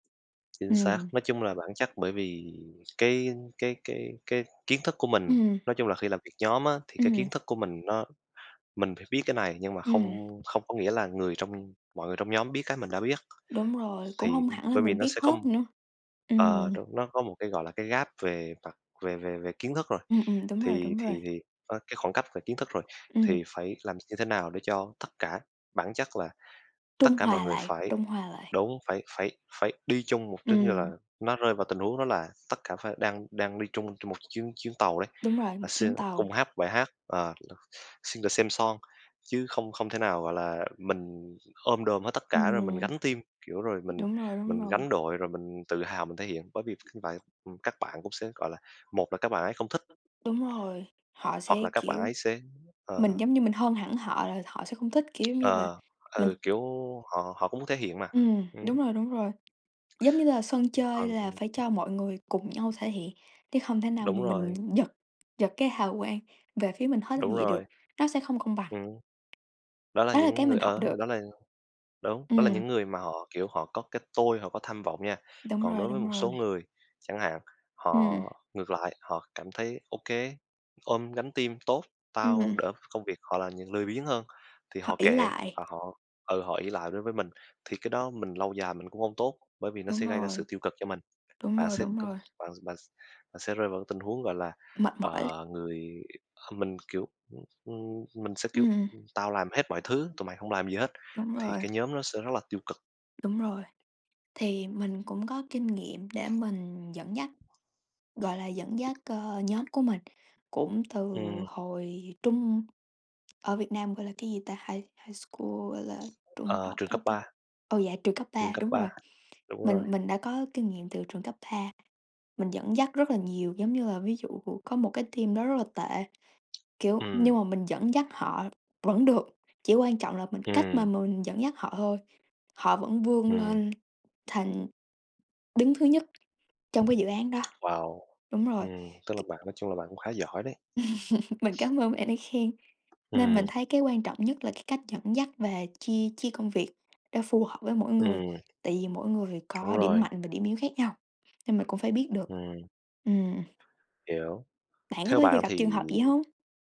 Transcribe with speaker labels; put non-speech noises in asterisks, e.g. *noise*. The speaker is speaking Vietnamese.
Speaker 1: Chính xác,
Speaker 2: Ừm.
Speaker 1: nói chung là bản chất bởi vì cái cái cái cái kiến thức của mình,
Speaker 2: Ừm.
Speaker 1: nói chung là khi làm việc nhóm á, thì cái
Speaker 2: Ừm.
Speaker 1: kiến thức của mình nó mình phải biết cái này nhưng mà không
Speaker 2: Ừm.
Speaker 1: không có nghĩa là người trong mọi người trong nhóm biết cái mình đã biết.
Speaker 2: Đúng rồi, cũng
Speaker 1: Thì
Speaker 2: hông hẳn là
Speaker 1: bởi vì
Speaker 2: mình
Speaker 1: nó
Speaker 2: biết
Speaker 1: sẽ có
Speaker 2: hết nữa.
Speaker 1: ờ,
Speaker 2: Ừm.
Speaker 1: trong đó có một cái, gọi là, cái gap về mặt về về về kiến thức rồi.
Speaker 2: Ừm, ừm, đúng rồi,
Speaker 1: Thì
Speaker 2: đúng rồi.
Speaker 1: thì thì va cái khoảng cách về kiến thức rồi,
Speaker 2: Ừm.
Speaker 1: thì phải làm như thế nào để cho tất cả bản chất là tất
Speaker 2: Trung
Speaker 1: cả mọi
Speaker 2: hòa
Speaker 1: người
Speaker 2: lại,
Speaker 1: phải
Speaker 2: trung hòa lại.
Speaker 1: đúng, phảỉ phải phải đi chung một trên như là
Speaker 2: Ừm.
Speaker 1: nó rơi vào tình huống đó là tất cả phải đang đang đi chung trên một chuyến chuyến tàu đấy,
Speaker 2: Đúng rồi,
Speaker 1: là
Speaker 2: một
Speaker 1: sẽ
Speaker 2: chuyến tàu.
Speaker 1: cùng hát bài hát, ờ, *unintelligible* sing the same song chứ không không thể nào gọi là mình ôm đồm hết tất cả rồi mình
Speaker 2: Ừm.
Speaker 1: gánh team. Kiểu, rồi mình
Speaker 2: Đúng rồi, đúng
Speaker 1: mình
Speaker 2: rồi.
Speaker 1: gánh đội rồi mình tự hào mình thể hiện, bởi vì *unintelligible* như vậy, ừm, các bạn cũng sẽ, gọi là, một là các bạn ấy không thích.
Speaker 2: Đúng rồi,
Speaker 1: Hoặc
Speaker 2: họ sẽ,
Speaker 1: hoặc là các bạn
Speaker 2: kiểu
Speaker 1: ấy sẽ
Speaker 2: mình
Speaker 1: ờ.
Speaker 2: giống như mình hơn hẳn họ là họ sẽ không thích, kiểu, giống như là
Speaker 1: Ờ,
Speaker 2: mình
Speaker 1: ừ, kiểu, họ họ cũng muốn thể hiện mà,
Speaker 2: Ừm,
Speaker 1: ừm.
Speaker 2: đúng rồi, đúng rồi, giống như là sân chơi
Speaker 1: Còn
Speaker 2: là phải
Speaker 1: *unintelligible*
Speaker 2: cho mọi người cùng nhau thể hiện chứ không thể nào
Speaker 1: Đúng
Speaker 2: mà mình
Speaker 1: rồi.
Speaker 2: giật giật cái hào quang về phía mình hết như
Speaker 1: Đúng
Speaker 2: vậy được,
Speaker 1: rồi.
Speaker 2: nó sẽ không công bằng.
Speaker 1: Ừm. Đó là
Speaker 2: Đó là cái
Speaker 1: những người
Speaker 2: mình học
Speaker 1: ờ,
Speaker 2: được.
Speaker 1: đó là đúng, đó là
Speaker 2: Ừm.
Speaker 1: những người mà họ, kiểu, họ có cái tôi, họ có tham vọng nha.
Speaker 2: Đúng
Speaker 1: Còn
Speaker 2: rồi,
Speaker 1: đối với
Speaker 2: đúng
Speaker 1: một số
Speaker 2: rồi.
Speaker 1: người, chẳng hạn, họ
Speaker 2: Ừm.
Speaker 1: ngược lại, họ cảm thấy: "Ô kê, ôm gánh team tốt, tao
Speaker 2: Ừm.
Speaker 1: đỡ công việc." Họ là những lười biếng hơn, thì
Speaker 2: Họ
Speaker 1: họ
Speaker 2: ỷ
Speaker 1: kệ
Speaker 2: lại.
Speaker 1: và họ ừ, họ ỷ lại với với mình. Thì cái đó mình lâu dài mình cũng hông tốt, bởi vì nó sẽ
Speaker 2: Đúng
Speaker 1: gây ra sự
Speaker 2: rồi.
Speaker 1: tiêu cực cho mình.
Speaker 2: Đúng
Speaker 1: Bạn
Speaker 2: rồi,
Speaker 1: sẽ
Speaker 2: đúng
Speaker 1: cân
Speaker 2: rồi.
Speaker 1: bạn bạn s bạn sẽ rơi vào cái tình huống, gọi là,
Speaker 2: Mệt mỏi.
Speaker 1: ờ, người kh mình, kiểu ừm, ừm, mình sẽ, kiểu:
Speaker 2: Ừm.
Speaker 1: "Ừm, tao làm hết mọi thứ, tụi mày hông làm gì hết",
Speaker 2: Đúng
Speaker 1: thì
Speaker 2: rồi.
Speaker 1: cái nhóm nó sẽ rất là tiêu cực.
Speaker 2: Đúng rồi, thì mình cũng có kinh nghiệm để mình dẫn dắt, gọi là, dẫn dắt, ờ, nhóm của mình, cũng từ
Speaker 1: Ừm.
Speaker 2: hồi trung ở Việt Nam gọi là cái gì ta? High high school, gọi là, trung
Speaker 1: Ờ,
Speaker 2: học
Speaker 1: trường
Speaker 2: á
Speaker 1: cấp
Speaker 2: ta?
Speaker 1: 3.
Speaker 2: Ờ, dạ trường cấp
Speaker 1: Trường
Speaker 2: 3,
Speaker 1: cấp
Speaker 2: đúng
Speaker 1: 3,
Speaker 2: rồi,
Speaker 1: đúng rồi.
Speaker 2: mình mình đã có kinh nghiệm từ trường cấp 3, mình dẫn dắt rất là nhiều. Giống như là ví dụ cũ có một cái team đó rất là tệ, kiểu, nhưng
Speaker 1: Ừm.
Speaker 2: mà mình dẫn dắt họ vẫn được, chỉ quan trọng là mình cách mà
Speaker 1: Ừm.
Speaker 2: mình dẫn dắt họ thôi, họ vẫn vươn
Speaker 1: Ừm.
Speaker 2: lên thành đứng thứ nhất trong cái dự án đó.
Speaker 1: Wow.
Speaker 2: Đúng rồi.
Speaker 1: Ừm, tức là
Speaker 2: *unintelligible*
Speaker 1: bạn nói chung là bạn cũng khá giỏi đấy!
Speaker 2: *laughs* Mình cảm ơn bạn đã khen. Nên mình
Speaker 1: Ừm.
Speaker 2: thấy cái quan trọng nhất là cái cách dẫn dắt và chia chia công việc đó phù hợp với mỗi người,
Speaker 1: Ừm.
Speaker 2: tại vì mỗi người phải
Speaker 1: Đúng
Speaker 2: có điểm
Speaker 1: rồi!
Speaker 2: mạnh và điểm yếu khác nhau, nên mình cũng phải biết được.
Speaker 1: Ừm.
Speaker 2: Ừm.
Speaker 1: Hiểu.
Speaker 2: Bạn có
Speaker 1: Theo
Speaker 2: bao giờ
Speaker 1: bạn
Speaker 2: gặp trường
Speaker 1: thì
Speaker 2: hợp vậy hông?